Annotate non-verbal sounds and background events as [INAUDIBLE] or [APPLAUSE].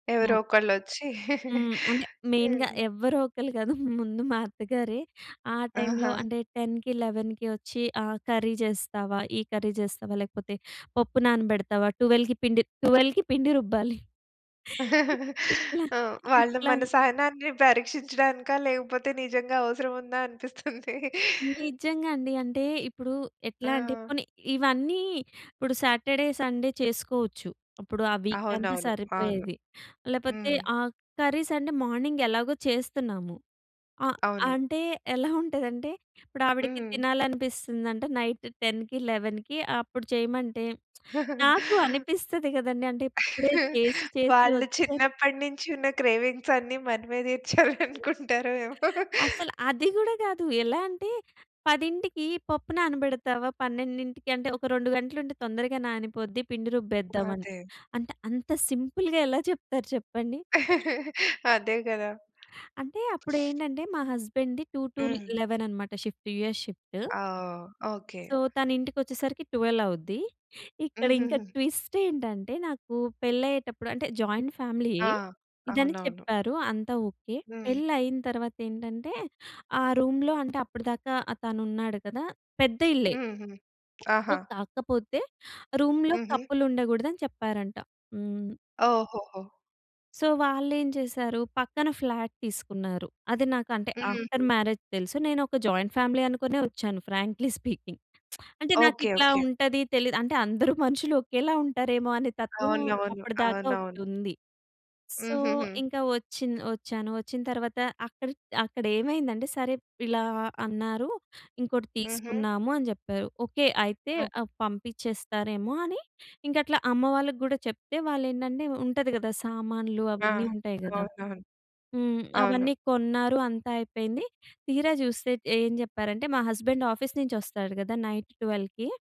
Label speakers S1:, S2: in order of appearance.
S1: మా
S2: ఎవరో
S1: అత్
S2: ఒకళ్ళు వచ్చి
S1: హ్మ్. అంటే
S2: [GIGGLES]
S1: మెయిన్‌గా
S2: హ్మ్.
S1: ఎవరో ఒకళ్ళు కాదు. ముందు మా అత్తగారే, ఆ టైమ్‌లో
S2: ఆహా!
S1: అంటే 10కి 11కి వచ్చి ఆహ్, కర్రీ చేస్తావా? ఈ కర్రీ చేస్తావా? లేకపోతే పప్పు నానబెడతావా? 12కి పిండి 12కి పిండి రుబ్బాలి. [LAUGHS]
S2: [GIGGLES]
S1: ఇట్లా
S2: ఆ! వాళ్ళు
S1: ఇట్లా
S2: మన సహనాన్ని పరీక్షించడానికా? లేకపోతే నిజంగా అవసరం ఉందా అనిపిస్తుంది. [GIGGLES]
S1: నిజంగా అండి. అంటే ఇప్పుడు ఎట్లా అంటే
S2: ఆ!
S1: పోనీ ఇవన్నీ ఇప్పుడు సాటర్డే, సండే చేసుకోవచ్చు. ఇప్పుడు ఆ వీక్ అంతా
S2: అవునవును. అవును.
S1: సరిపోయేది. లేకపోతే
S2: హ్మ్.
S1: ఆ కర్రీస్ అంటే మార్నింగ్ ఎలాగో చేస్తున్నాము. ఆహ్,
S2: అవును.
S1: అంటే ఎలా ఉంటదంటే. ఇప్పుడు ఆవిడకి
S2: హ్మ్.
S1: తినాలనిపిస్తుందంట నైట్ 10కి 11కి అప్పుడు చేయమంటే, [SMACKS LIPS]
S2: [GIGGLES]
S1: నాకు అనిపిస్తది కదండీ! అంటే ఇప్పుడే చేసి
S2: [GIGGLES]
S1: చేసి
S2: వాళ్ళు
S1: వస్తే
S2: చిన్నప్పటి నుంచి ఉన్న క్రేవింగ్స్ అన్నీ మనమే
S1: [GIGGLES]
S2: తీర్చాలనుకుంటారో ఏమో!
S1: అసలు అది కూడా కాదు. ఎలా అంటే "పదింటికి పప్పు నానబెడతావా? పన్నెండింటికి అంటే ఒక 2 గంటలుంటే తొందరగా నానిపోద్ది పిండి రుబ్బేద్దామని."
S2: అదే.
S1: అంటే అంత సింపుల్‌గా ఎలా చెప్తారు చెప్పండి.
S2: [GIGGLES] అదే కదా!
S1: అంటే
S2: [SNIFFS]
S1: అప్పుడేంటంటే, మా హస్బాండ్‌ది టూ టు
S2: హ్మ్.
S1: లెవెన్ అనమాట షిఫ్ట్. US shift.
S2: ఆ! ఓకే.
S1: సో, తనింటికొచ్చేసరికి 12 అవుద్ది. ఇక్కడ ఇంకా
S2: హుహుహు.
S1: ట్విస్ట్ ఏంటంటే, నాకు పెళైయ్యేటప్పుడు అంటే జాయింట్ ఫ్యామిలీ
S2: ఆ!
S1: ఇదని
S2: అవునవును.
S1: చెప్పారు. అంతా ఓకే
S2: హ్మ్.
S1: .పెళైన తరువాత ఏంటంటే, ఆ రూమ్‌లో అంటే అప్పటిదాకా తను ఉన్నాడు కదా. పెద్ద ఇల్లే.
S2: హ్మ్, హ్మ్.
S1: సో,
S2: ఆహా!
S1: కాకపోతే రూమ్‌లో
S2: హుహు.
S1: కపుల్ ఉండకూడదని చెప్పారంట. హ్మ్.
S2: ఓహోహో!
S1: సో, వాళ్ళేం చేసారు. పక్కన ఫ్లాట్ తీసుకున్నారు. అది నాకు అంటే
S2: హ్మ్.
S1: ఆఫ్టర్
S2: హుహు.
S1: మ్యారేజ్ తెలుసు. నేను ఒక జాయింట్ ఫ్యామిలీ అనుకునే వచ్చాను. Frankly speaking. [SMACKS LIPS] అంటే
S2: ఓకే.
S1: నాకిట్లా
S2: ఓకే.
S1: ఉంటది తెలీదు. అంటే అందరూ మనుషులు ఒకేలా ఉంటారేమో అనే తత్వం
S2: అవునవును.
S1: అప్పటిదాకా
S2: అవునవును.
S1: ఒకటుంది. సో,
S2: హుహుహు.
S1: ఇంక వచ్చి వచ్చాను. వచ్చిన తరువాత అక్కడ అక్కడేమైందంటే, సరే ఇలా అన్నారు. ఇంకోటి
S2: హుహు.
S1: తీసుకుందాము అని చెప్పారు. ఓకే అయితే
S2: ఓక్
S1: ఆహ్, పంపించేస్తారేమో అని ఇంక అట్లా అమ్మవాళ్ళకి కూడా చెప్తే వాళ్ళేంటంటే, ఉంటది కదా సామాన్లు
S2: ఆ!
S1: అవన్నీ ఉంటాయి కదా.
S2: అవునవును.
S1: హ్మ్. అవన్నీ
S2: అవును.
S1: కొన్నారు అంతా అయిపోయింది. తీరా చూస్తే ఏం చెప్పారంటే మా హస్బెండ్ ఆఫీస్ నుంచి వస్తాడు కదా నైట్ 12కి.